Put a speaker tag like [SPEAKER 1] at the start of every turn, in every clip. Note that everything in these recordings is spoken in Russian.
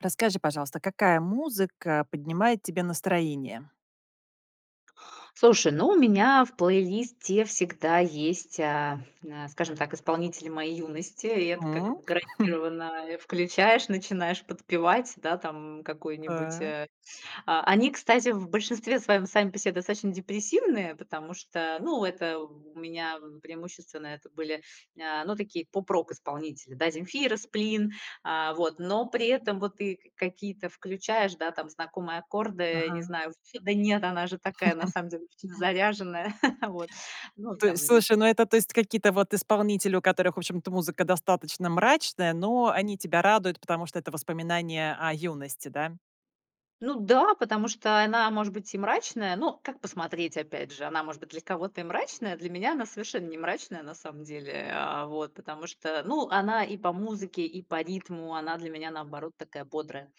[SPEAKER 1] Расскажи, пожалуйста, какая музыка поднимает тебе настроение.
[SPEAKER 2] Слушай, ну, у меня в плейлисте всегда есть, а, на скажем так, исполнители моей юности. И это
[SPEAKER 1] М.
[SPEAKER 2] как бы гарантированно, э, включаешь, начинаешь подпевать. Да, там, какой-нибудь
[SPEAKER 1] Так.
[SPEAKER 2] а А, они, кстати, в большинстве своём сами по себе достаточно депрессивные, потому что, ну, это у у меня, преимущественно, это были, а, ну такие поп-рок исполнители да: "Земфира", "Сплин". А, вот. Но при этом, вот ты к какие-то включаешь, да, знакомые аккорды, не
[SPEAKER 1] Ага.
[SPEAKER 2] знаю Да нет, она же такая на самом деле обычно заряженная. Вот. Но
[SPEAKER 1] То
[SPEAKER 2] там
[SPEAKER 1] есть
[SPEAKER 2] либ
[SPEAKER 1] слушай, ну, это, то есть какие-то вот исполнители, у которых, в общем-то, музыка достаточно мрачная, но они тебя радуют, потому что это воспоминания о юности, да?
[SPEAKER 2] Ну да, потому что она может быть и мрачная, но как посмотреть, опять же. Она может быть для кого-то и мрачная- для меня она совершенно не мрачная, на самом деле, а, вот. Потому что, ну, она и по музыке, и по ритму она для меня наоборот такая бодрая,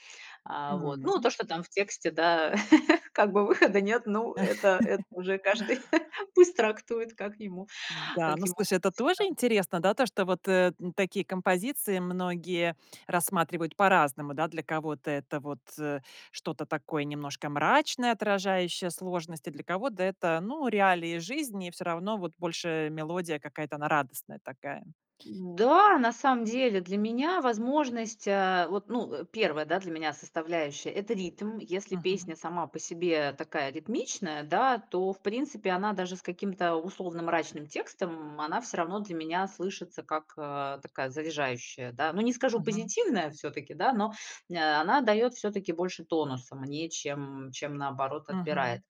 [SPEAKER 2] а, вот. Ну
[SPEAKER 1] М.
[SPEAKER 2] то, что там в тексте, да как бы выхода нет, ну, это это уже каждый пусть трактует, как ему
[SPEAKER 1] Да,
[SPEAKER 2] как
[SPEAKER 1] ну
[SPEAKER 2] ему
[SPEAKER 1] слушай,
[SPEAKER 2] хочется.
[SPEAKER 1] это тоже интересно, да, то что вот, э, н такие композиции многие рассматривают по-разному, да. Для кого-то это вот, э, что-то такое немножко мрачное, отражающее сложности, для кого-то это, ну, реалии жизни, и всё равно, вот больше мелодия какая-то она радостная такая.
[SPEAKER 2] Да, на самом деле, для меня возможность, а, вот, ну, э, 1, да, для меня составляющая- это ритм. Если
[SPEAKER 1] Мгм.
[SPEAKER 2] песня сама по себе такая ритмичная, да, то в принципе она даже с каким-то условно мрачным текстом, м, она всё равно для меня слышится как, а, такая заряжающая, да. Ну не скажу
[SPEAKER 1] Мгм.
[SPEAKER 2] позитивная всё-таки, да, но, э, она дает всё-таки больше тонуса мне, чем, чем наоборот отбирает.
[SPEAKER 1] Мгм.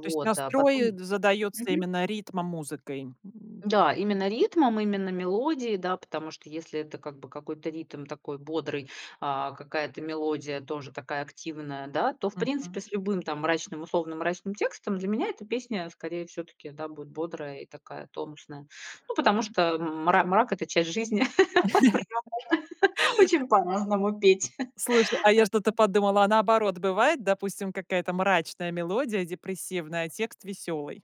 [SPEAKER 1] То есть
[SPEAKER 2] а
[SPEAKER 1] настрой, э,
[SPEAKER 2] потом
[SPEAKER 1] задается
[SPEAKER 2] Мгм.
[SPEAKER 1] именно ритмом-музыкой. М
[SPEAKER 2] Да, именно ритмом, именно мелодией, да, потому что если это как бы какой-то ритм такой бодрый, а, какая-то мелодия тоже такая активная, да, то в
[SPEAKER 1] Мгм.
[SPEAKER 2] принципе с любым там мрачным, условно мрачным текстом, для меня эта песня скорее всё-таки, да, будет бодрая и такая тонусная. Ну потому что м мра мрак это часть жизни. [unintelligible] Очень по-разному петь.
[SPEAKER 1] Слушай, а я что-то
[SPEAKER 2] [unintelligible]
[SPEAKER 1] подумала, а наоборот бывает, допустим, какая-то мрачная мелодия, депрессивная, а текст веселый?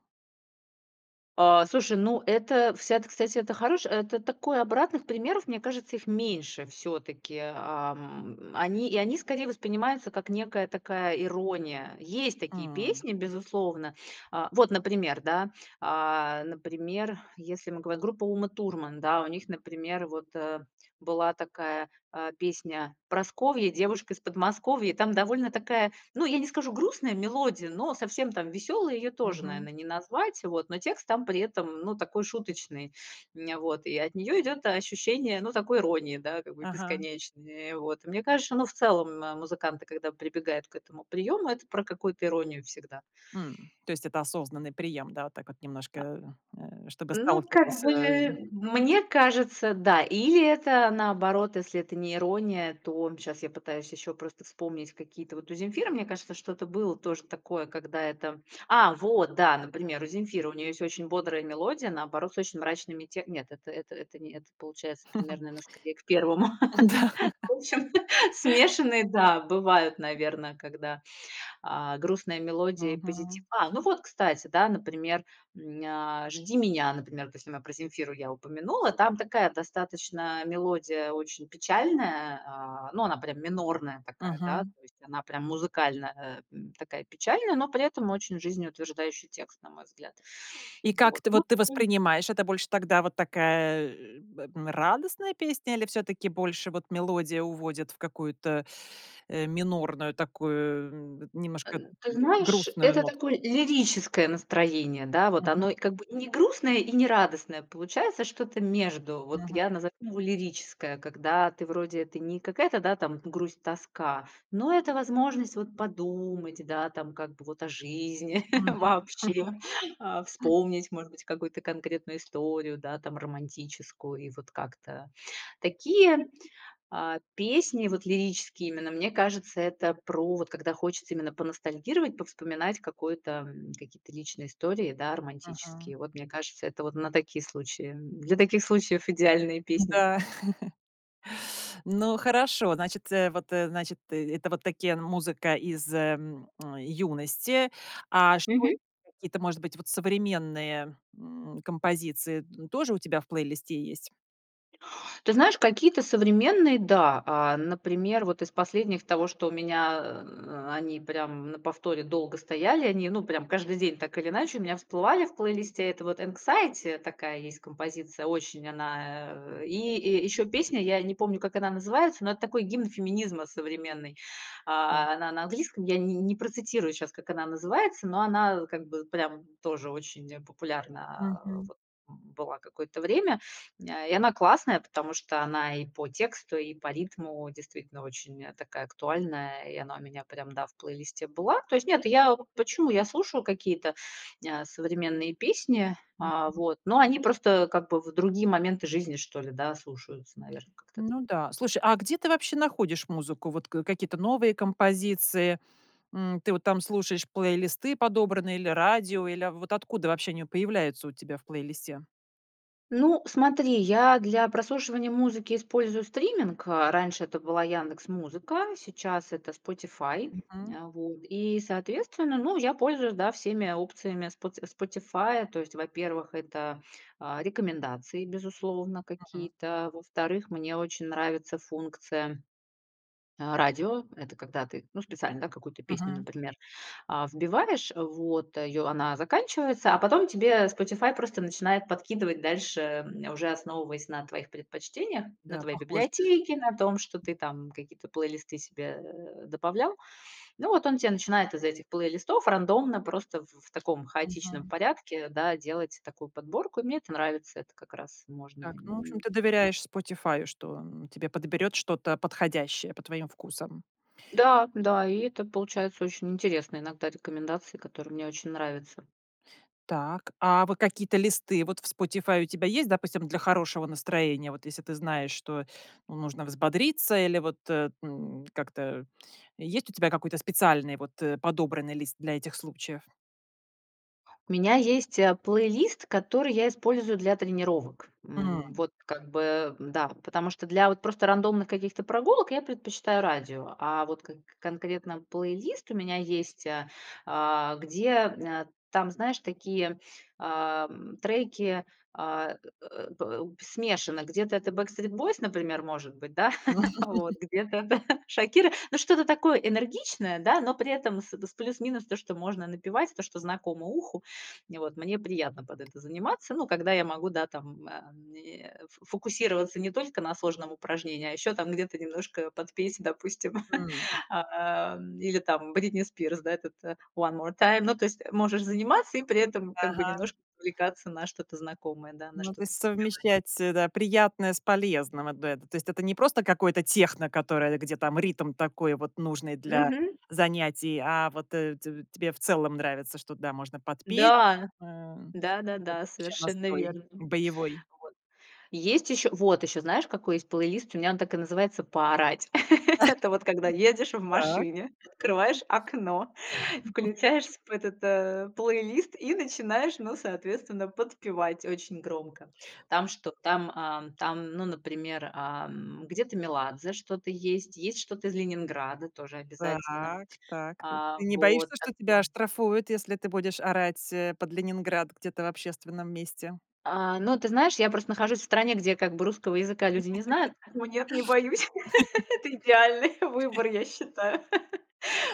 [SPEAKER 2] А, слушай, ну это, вся это, кстати, это хорош э, это такой обратных примеров, мне кажется, их меньше всё-таки. Ам. Они и они скорее воспринимаются как некая такая ирония. Есть такие
[SPEAKER 1] М.
[SPEAKER 2] песни, безусловно. А. Вот, например, да. А, например, если в мы гов группа "Ума Турман"- да, у них, например, вот, э, была такая, а, песня: "Прасковья- девушка из Подмосковья". Там довольно такая, ну, я не скажу, грустная мелодия, но совсем там веселой её тоже,
[SPEAKER 1] Мгм.
[SPEAKER 2] наверное, не назвать, вот. Но текст там при этом, м, ну, такой шуточный. Ня вот. И от нее идет, а, ощущение, ну, такой иронии, да, как бы,
[SPEAKER 1] Ага.
[SPEAKER 2] бесконечной. Вот. Мне кажется, что, ну, в целом, м музыканты, когда прибегают к этому приёму, это про какую-то иронию всегда.
[SPEAKER 1] Хм, то есть это осознанный прием. Да, вот так вот немножко,
[SPEAKER 2] А
[SPEAKER 1] э, э, чтобы
[SPEAKER 2] Ну, как
[SPEAKER 1] сталкивался,
[SPEAKER 2] бы,
[SPEAKER 1] э
[SPEAKER 2] мне кажется, да. Или это наоборот, если это не ирония, то, щас я пытаюсь ещё просто вспомнить какие-то Вот у "Земфиры", мне кажется, что-то было тоже такое, когда это А, вот, да, например, у "Земфиры", у неё есть очень бодрая мелодия, наоборот с очень мрачными тек Нет, это это это не это получается примерно она скорее к первому
[SPEAKER 1] Да.
[SPEAKER 2] В общем, смешанные, да, бывают, наверное, когда, а, грустная мелодия и позитив
[SPEAKER 1] Мгм.
[SPEAKER 2] А, ну вот, кстати, да, например, м, ня "Жди меня"- например, вот если мы про "Земфиру" я упомянула. Там такая, достаточно мелодия очень печальная, а, ну, она прям минорная такая, да,
[SPEAKER 1] Мгм.
[SPEAKER 2] то есть, она прям музыкально, эм, такая печальная, но при этом очень жизнеутверждающий текст, на мой взгляд.
[SPEAKER 1] И как
[SPEAKER 2] Вот.
[SPEAKER 1] ты,
[SPEAKER 2] Ну.
[SPEAKER 1] вот ты
[SPEAKER 2] [unintelligible]
[SPEAKER 1] воспринимаешь, это больше тогда вот такая, э, б а, радостная песня или всё-таки больше вот мелодия уводит в какую-то, э, минорную такую
[SPEAKER 2] Э,
[SPEAKER 1] немножко, э,
[SPEAKER 2] ты
[SPEAKER 1] г
[SPEAKER 2] знаешь,
[SPEAKER 1] грустную
[SPEAKER 2] это такое
[SPEAKER 1] нотку?
[SPEAKER 2] лирическое настроение, да. Вот
[SPEAKER 1] Мгм.
[SPEAKER 2] оно и как бы и не грустное, и не радостное. Получается что-то между. Вот
[SPEAKER 1] Мгм.
[SPEAKER 2] я назову его лирическое, когда ты вроде ты не какая-то там грусть-тоска, но это возможность, вот, подумать, да, там, как бы вот о жизни
[SPEAKER 1] Мгм.
[SPEAKER 2] вообще, а, вспомнить, может быть, какую-то конкретную историю, да, там, романтическую. И вот как-то Такие, а, песни, вот лирические именно, мне кажется, это про, вот когда хочется именно поностальгировать, повспоминать какой-то, м, какие-то личные истории, да,
[SPEAKER 1] Мгм.
[SPEAKER 2] романтические. Вот, мне кажется, это вот на такие случаи, м, для таких случаев идеальные песни.
[SPEAKER 1] Да. Ну хорошо, значит, э, вот, э, значит, ты, это вот такие н музыка из, эм, юности. А
[SPEAKER 2] Мгм.
[SPEAKER 1] что [unintelligible] какие-то, может быть, вот современные, м, композиции д тоже у тебя в плейлисте есть?
[SPEAKER 2] Ты знаешь, какие-то современные- да. А, например, вот из последних, из того, что у меня, а, они прямо на повторе долго стояли, они, ну, прям каждый день так или иначе у меня всплывали в плейлисте. Это вот "Anxiety" такая есть композиция, очень она, э. И и ещё песня, я не помню, как она называется, но это такой гимн феминизма современный.
[SPEAKER 1] Так.
[SPEAKER 2] А, она на английском, я не не процитирую щас, как она называется. Но она как бы прям тоже очень, э, популярна, а,
[SPEAKER 1] Мгм.
[SPEAKER 2] вот была какое-то время. М, а, и она классная, потому что она и по тексту, и по ритму действительно очень, э, такая актуальная, и она у меня прям, да, в плейлисте была. То есть нет, я у почему? Я слушаю какие-то, а, современные песни, а,
[SPEAKER 1] Мгм.
[SPEAKER 2] вот. Но они просто как бы в другие моменты жизни, что ли, да, слушаются, наверное, как-то т
[SPEAKER 1] Ну да. Слушай, а где ты вообще находишь музыку, вот к какие-то новые композиции? М, ты вот там слушаешь плейлисты подобранные или радио, или, а, в вот откуда вообще они появляются у тебя в плейлисте?
[SPEAKER 2] Ну, смотри, я для прослушивания музыки использую стриминг. Раньше это была "Яндекс.Музыка", сейчас это Spotify.
[SPEAKER 1] Мгм.
[SPEAKER 2] А, вот и, соответственно, ну, я пользуюсь, да, всеми опциями Споти Spotify. То есть, во-первых, это, а, рекомендации, безусловно,
[SPEAKER 1] Мгм.
[SPEAKER 2] какие-то. Во-вторых, мне очень нравится функция, а, радио. Это когда ты, ну, специально, да, какую-то песню,
[SPEAKER 1] Мгм.
[SPEAKER 2] например, а, вбиваешь, вот, её она заканчивается, а потом тебе Spotify просто начинает подкидывать дальше, э, уже основываясь на твоих предпочтениях, на
[SPEAKER 1] Да,
[SPEAKER 2] твоей
[SPEAKER 1] похожее.
[SPEAKER 2] библиотеке, на том, что ты там какие-то плейлисты себе, э, добавлял. Ну, вот он тебе начинает из этих плейлистов рандомно, просто в в таком хаотичном
[SPEAKER 1] Мгм.
[SPEAKER 2] порядке, да, делать такую подборку. И мне это нравится, это как раз можно.
[SPEAKER 1] Так, ну, в общем, ты
[SPEAKER 2] [unintelligible]
[SPEAKER 1] доверяешь Spotify, что тебе подберет что-то подходящее по твоим вкусам.
[SPEAKER 2] Да, да. И это получается очень интересные иногда рекомендации, которые мне очень нравятся.
[SPEAKER 1] Так, а вот какие-то листы вот в Spotify у тебя есть, допустим, для хорошего настроения? Вот если ты знаешь, что, ну, нужно взбодриться или вот, э, ну, как-то есть у тебя какой-то специальный вот подобранный лист для этих случаев?
[SPEAKER 2] У меня есть, э, плейлист, который я использую для тренировок, м.
[SPEAKER 1] М.
[SPEAKER 2] Вот как бы, да, потому что для вот просто рандомных каких-то прогулок я предпочитаю радио, а вот к конкретно плейлист у меня есть, а, а, где, э, там, знаешь, такие, а, треки, а, э э э по л смешанны, где-то это Backstreet Boys, например, может быть, да, вот, где-то это Шакира, но что-то такое энергичное, да, но при этом с плюс-минус то, что можно напевать, то, что знакомо уху. Вот, мне приятно под это заниматься, ну, когда я могу, да там, а, мне, ф фокусироваться не только на сложном упражнении, а еще там где-то немножко под песни, допустим,
[SPEAKER 1] М.
[SPEAKER 2] а, или там Britney Spears. Да, этот "One More Time". Ну то есть можешь заниматься и при этом как бы немножко
[SPEAKER 1] Ага.
[SPEAKER 2] увлекаться на что-то знакомое, да, на
[SPEAKER 1] Ну, то
[SPEAKER 2] что-то
[SPEAKER 1] есть
[SPEAKER 2] [unintelligible]
[SPEAKER 1] совмещать, э, да, приятное с полезным- одно это. То есть это не просто какое-то техно, которое, где там ритм такой вот нужный для
[SPEAKER 2] Мгм.
[SPEAKER 1] занятий, а вот, э, те тебе в целом нравится, что, да, можно подпеть.
[SPEAKER 2] Да.
[SPEAKER 1] М,
[SPEAKER 2] Да-да-да,
[SPEAKER 1] такой вообще
[SPEAKER 2] совершенно
[SPEAKER 1] настрой
[SPEAKER 2] верно, вот.
[SPEAKER 1] боевой.
[SPEAKER 2] Есть еще вот еще, знаешь, какой есть плейлист, у меня он так и называется: "Поорать". Это вот когда ездишь в
[SPEAKER 1] Так.
[SPEAKER 2] машине, открываешь окно, включаешь в с этот, э, плейлист и начинаешь, ну, соответственно, подпевать очень громко. Там что, там, ам, там, ну, например, ам, где-то Меладзе что-то есть, есть что-то из "Ленинграда" тоже обязательно.
[SPEAKER 1] Так так.
[SPEAKER 2] А,
[SPEAKER 1] Ты не
[SPEAKER 2] вот,
[SPEAKER 1] боишься, что тебя
[SPEAKER 2] такое
[SPEAKER 1] оштрафуют, если ты будешь орать, э, под "Ленинград" где-то в общественном месте?
[SPEAKER 2] А, ну ты знаешь, я просто нахожусь в стране, где как бы русского языка люди не знают. Нет, не боюсь, это идеальный выбор, я считаю.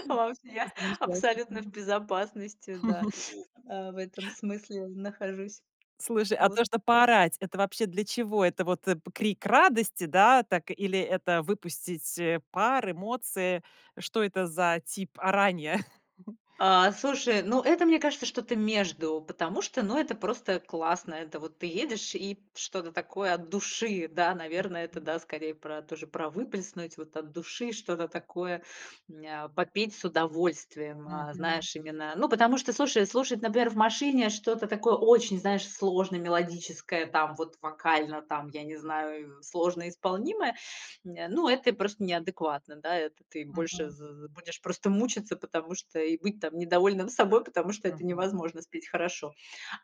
[SPEAKER 2] Вообще. Абсолютно
[SPEAKER 1] Замечательно.
[SPEAKER 2] в безопасности, да, в этом смысле нахожусь.
[SPEAKER 1] Слушай, а
[SPEAKER 2] Вот.
[SPEAKER 1] то, что поорать- это вообще для чего? Это вот, э, крик радости, да, так, или это выпустить, э, пар, эмоции, что это за тип оранья?
[SPEAKER 2] А, слушай, ну, это, мне кажется, что-то между, потому что, ну, это просто классно, это вот ты едешь и что-то такое от души, да, наверное, это,
[SPEAKER 1] Мгм.
[SPEAKER 2] да, скорее про тоже, про выплеснуть вот от души что-то такое, мне а, попеть с удовольствием. А,
[SPEAKER 1] Мгм.
[SPEAKER 2] знаешь именно, ну, потому что, слушай, слушать, например, в машине что-то такое очень, знаешь, сложно мелодическое, там вот вокально, там, я не знаю, сложно исполнимое, не, ну, это просто неадекватно. Да, это ты больше з
[SPEAKER 1] Мгм.
[SPEAKER 2] з будешь просто мучиться, потому что и быть там недовольным собой, потому что это
[SPEAKER 1] Мгм.
[SPEAKER 2] невозможно спеть хорошо.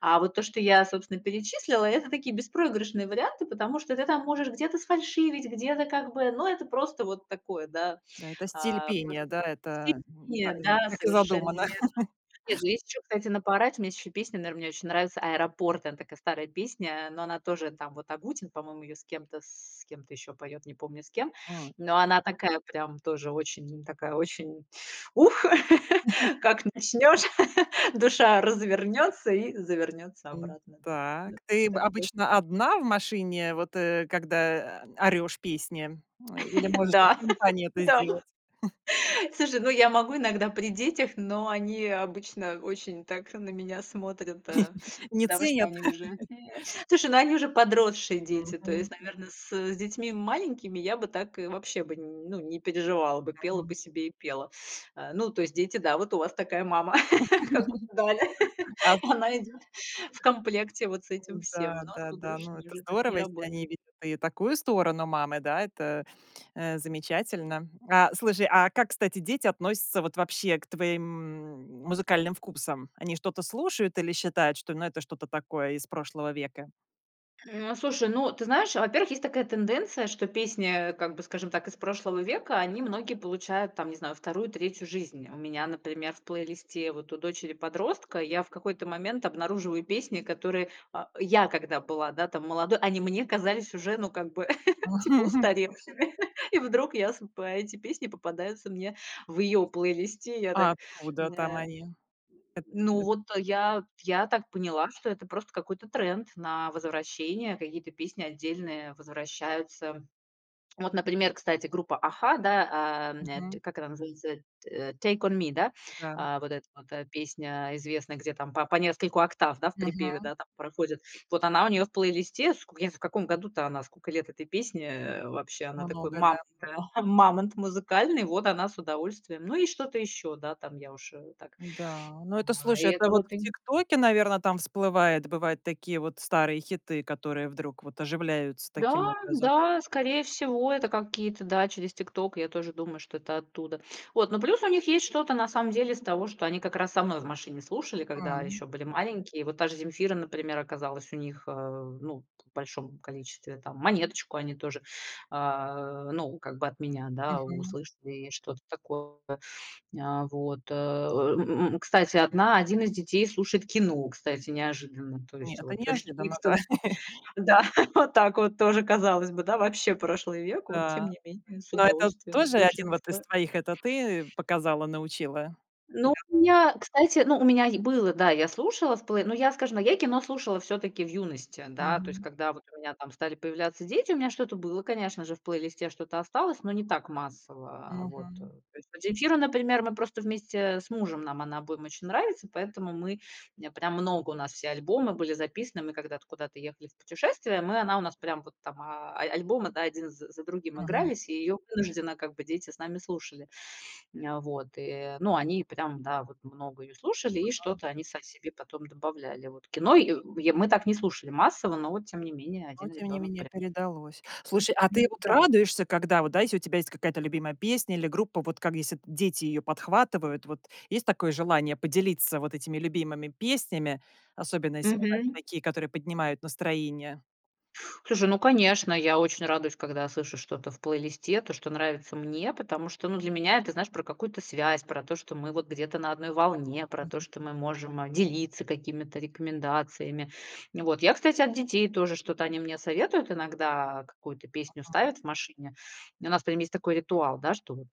[SPEAKER 2] А вот то, что я, собственно, перечислила, это такие беспроигрышные варианты, потому что ты там можешь где-то сфальшивить, где-то как бы но это просто вот такое, да.
[SPEAKER 1] Да, это стиль
[SPEAKER 2] А
[SPEAKER 1] пения,
[SPEAKER 2] просто
[SPEAKER 1] да, это н та
[SPEAKER 2] себе, да,
[SPEAKER 1] так и
[SPEAKER 2] совершенно
[SPEAKER 1] задумано.
[SPEAKER 2] верно. Нет, ну, есть еще, кстати, на поорать, мне есть песни, наверно, мне очень нравится "Аэропорт", она такая старая песня, но она тоже, там вот Агутин, по-моему, ее с кем-то, с кем-то еще поет, не помню с кем.
[SPEAKER 1] М.
[SPEAKER 2] Но она такая прям тоже очень такая, очень ух, как начнешь, душа развернется и завернется
[SPEAKER 1] М,
[SPEAKER 2] обратно. Ну,
[SPEAKER 1] так
[SPEAKER 2] тоже
[SPEAKER 1] ты
[SPEAKER 2] так мож
[SPEAKER 1] обычно одна в машине? Вот, э, когда, э, орёшь песни, или можешь и
[SPEAKER 2] Да,
[SPEAKER 1] в компании это
[SPEAKER 2] да.
[SPEAKER 1] сделать?
[SPEAKER 2] Слушай, я могу иногда при детях, но они обычно очень так на меня смотрят, э,
[SPEAKER 1] Не
[SPEAKER 2] потому что
[SPEAKER 1] ценят.
[SPEAKER 2] они уже Слушай, они уже подросшие дети. То есть,
[SPEAKER 1] Мгм.
[SPEAKER 2] наверное, с детьми маленькими я бы так и вообще бы, ну, не переживала бы, пела
[SPEAKER 1] Мгм.
[SPEAKER 2] бы себе и пела. Э, ну, то есть дети, да, вот у вас такая мама, как у гадали,
[SPEAKER 1] Аз
[SPEAKER 2] она идет в комплекте вот с этим всем. Но а с
[SPEAKER 1] Да-да-да. Ну,
[SPEAKER 2] подружками
[SPEAKER 1] это
[SPEAKER 2] уже так не
[SPEAKER 1] здорово, если они
[SPEAKER 2] работает.
[SPEAKER 1] видят и такую сторону мамы, да, это, э, замечательно. А, слушай, а как, кстати, дети относятся вот вообще к твоим музыкальным вкусам? Они что-то слушают или считают, что, ну, это что-то такое из прошлого века?
[SPEAKER 2] М, слушай, ну ты знаешь, во-первых, есть такая тенденция, что песни, э, как бы, скажем так, из прошлого века, они многие получают, там не знаю, 2, 3 жизнь. У меня, например, в плейлисте вот у дочери-подростка я в какой-то момент обнаруживаю песни, которые, а, я, когда была, да, там молодой, они мне казались уже, ну, как бы, типа устаревшими, и вдруг я с по эти песни попадаются мне в ее плейлисте. Я так
[SPEAKER 1] А откуда там
[SPEAKER 2] э,
[SPEAKER 1] они?
[SPEAKER 2] ну
[SPEAKER 1] [unintelligible]
[SPEAKER 2] вот я, я так поняла, что это просто какой-то тренд на возвращение, какие-то песни отдельные возвращаются. Вот, например, кстати, группа "Аха", да, а,
[SPEAKER 1] Мгм.
[SPEAKER 2] как она называется, э, "Take on me", да,
[SPEAKER 1] Да.
[SPEAKER 2] а, вот эта вот, эта песня известная, где там по по нескольку октав, да, в припеве,
[SPEAKER 1] Мгм.
[SPEAKER 2] да, там проходит. Вот она у нее в плейлисте, в я в, каком году-то она, сколько лет этой песне, э, вообще. Она такой
[SPEAKER 1] Много,
[SPEAKER 2] мамонт,
[SPEAKER 1] да.
[SPEAKER 2] мамонт музыкальный, вот она с удовольствием. Ну и что-то еще, да, там я уж да, так
[SPEAKER 1] Да, ну, это,
[SPEAKER 2] и
[SPEAKER 1] слушай, это
[SPEAKER 2] это
[SPEAKER 1] вот
[SPEAKER 2] вот.
[SPEAKER 1] в "ТикТоке", наверное, там всплывает, бывают такие вот старые хиты, которые вдруг вот оживляются
[SPEAKER 2] Да,
[SPEAKER 1] таким образом.
[SPEAKER 2] да, скорее всего, это какие-то, да, через TikTok, я тоже думаю, что это оттуда, вот. Но плюс у них есть что-то на самом деле из того, что они как раз со мной в машине слушали, когда
[SPEAKER 1] М.
[SPEAKER 2] еще были маленькие. Вот та же "Земфира", например, оказалась у них, а, ну, в большом количестве там. "Монеточку" они тоже, а, ну, как бы от меня, да,
[SPEAKER 1] Мгм.
[SPEAKER 2] услышали, что-то такое, а, вот. Э. М, м, кстати, одна один из детей слушает "Кино", кстати, неожиданно. То
[SPEAKER 1] Не,
[SPEAKER 2] есть
[SPEAKER 1] это
[SPEAKER 2] вот с
[SPEAKER 1] неожиданно, да.
[SPEAKER 2] "Фифтом", да, вот так вот тоже, казалось бы, да, вообще прошлый век, вот, тем
[SPEAKER 1] Да,
[SPEAKER 2] не менее с
[SPEAKER 1] но это
[SPEAKER 2] удовольствием
[SPEAKER 1] тоже
[SPEAKER 2] слушает.
[SPEAKER 1] 1 вот из твоих это ты
[SPEAKER 2] [unintelligible]
[SPEAKER 1] показала, научила.
[SPEAKER 2] Ну, у меня, кстати, ну, у меня е было, да, я слушала в плей ну, я, скажем, ну, я и "Кино" слушала все-таки в юности. Да, то есть,
[SPEAKER 1] Мгм.
[SPEAKER 2] когда вот у меня там стали появляться дети, у меня что-то было, конечно же, в плейлисте что-то осталось, но не так массово, вот. То
[SPEAKER 1] Мгм.
[SPEAKER 2] есть Земфира, например, мы просто вместе с мужем, нам она обоим очень нравится, поэтому мы, э, прям много, у нас все альбомы были записаны, мы когда-то куда-то ехали в путешествие, мы она у нас прям вот там, а, а альбомы один з за другим
[SPEAKER 1] Мгм.
[SPEAKER 2] игрались, и ее вынужденно как бы дети с нами слушали. Вот, э, но они прям, да, вот много ее слушали, и
[SPEAKER 1] Ага.
[SPEAKER 2] что-то они сами себе потом добавляли. Вот "Кино" й й мы так не слушали массово, но тем не менее
[SPEAKER 1] Но
[SPEAKER 2] один
[SPEAKER 1] тем не
[SPEAKER 2] ребенок
[SPEAKER 1] менее
[SPEAKER 2] прям
[SPEAKER 1] передалось. Слушай, а ты вот
[SPEAKER 2] Да.
[SPEAKER 1] радуешься, когда вот, да, у тебя есть какая-то любимая песня или группа, вот как если дети ее подхватывают, вот есть такое желание поделиться вот этими любимыми песнями, особенно если вот
[SPEAKER 2] Мгм.
[SPEAKER 1] такие, которые поднимают настроение?
[SPEAKER 2] Слушай, ну, конечно, я очень радуюсь, когда слышу что-то в плейлисте, то, что нравится мне, потому что, ну, для меня это, знаешь, про какую-то связь, про то, что мы вот где-то на одной волне, про то, что мы можем делиться какими-то рекомендациями, вот. Я, кстати, от детей тоже что-то они мне советуют иногда, какую-то песню
[SPEAKER 1] Мгм.
[SPEAKER 2] ставят в машине. У нас прям есть такой ритуал, да, что вот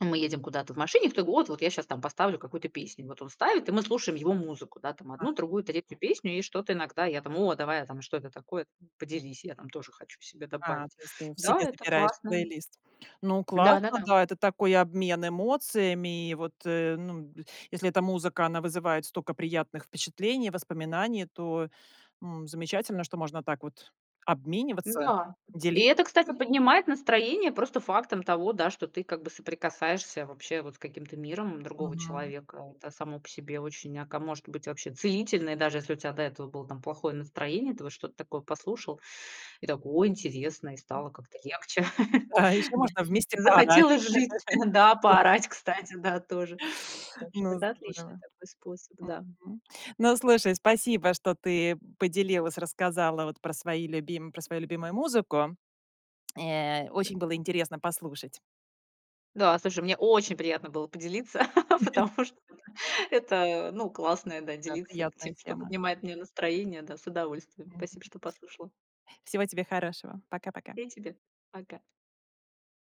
[SPEAKER 2] мы едем куда-то в машине, кто-то: "Вот я сейчас поставлю какую-то песню". Вот он ставит, и мы слушаем его музыку, да, там одну, другую, третью песню, и что-то иногда я там: "О, давай", а там: "Что это такое? Поделись, я там тоже хочу себе
[SPEAKER 1] А,
[SPEAKER 2] добавить".
[SPEAKER 1] то есть ты
[SPEAKER 2] Да,
[SPEAKER 1] себе
[SPEAKER 2] это
[SPEAKER 1] забираешь
[SPEAKER 2] классно.
[SPEAKER 1] плейлист. Ну, классно,
[SPEAKER 2] Да-да-да.
[SPEAKER 1] да, это такой обмен эмоциями, вот, э, ну если эта музыка, она вызывает столько приятных впечатлений, воспоминаний, то, м, замечательно, что можно так вот обмениваться,
[SPEAKER 2] Да. И
[SPEAKER 1] дели
[SPEAKER 2] это, кстати, поднимает настроение просто фактом того, да, что ты как бы соприкасаешься вообще вот с каким-то миром другого
[SPEAKER 1] Мгм.
[SPEAKER 2] человека. Это само по себе очень, ака может быть, вообще целительное, даже если у тебя до этого было там плохое настроение, ты вот что-то такое послушал и такой: "О, интересно", и стало как-то легче.
[SPEAKER 1] А еще
[SPEAKER 2] Да.
[SPEAKER 1] можно вместе поорать.
[SPEAKER 2] Захотелось жить, да, поорать, кстати, да, тоже. Так что
[SPEAKER 1] Ну,
[SPEAKER 2] это отличный
[SPEAKER 1] здорово,
[SPEAKER 2] такой способ, да.
[SPEAKER 1] мгм. Ну, слушай, спасибо, что ты поделилась, рассказала вот про свои любим про свою любимую музыку. Э, очень было интересно послушать.
[SPEAKER 2] Да, слушай, мне очень приятно было поделиться, потому что, ну, это, э, ну, классно, да,
[SPEAKER 1] Да,
[SPEAKER 2] делиться тем,
[SPEAKER 1] приятная
[SPEAKER 2] что
[SPEAKER 1] тема.
[SPEAKER 2] поднимает мне настроение, да, с удовольствием.
[SPEAKER 1] Мгм.
[SPEAKER 2] Спасибо, что послушала.
[SPEAKER 1] Всего тебе хорошего. Пока-пока.
[SPEAKER 2] И тебе пока.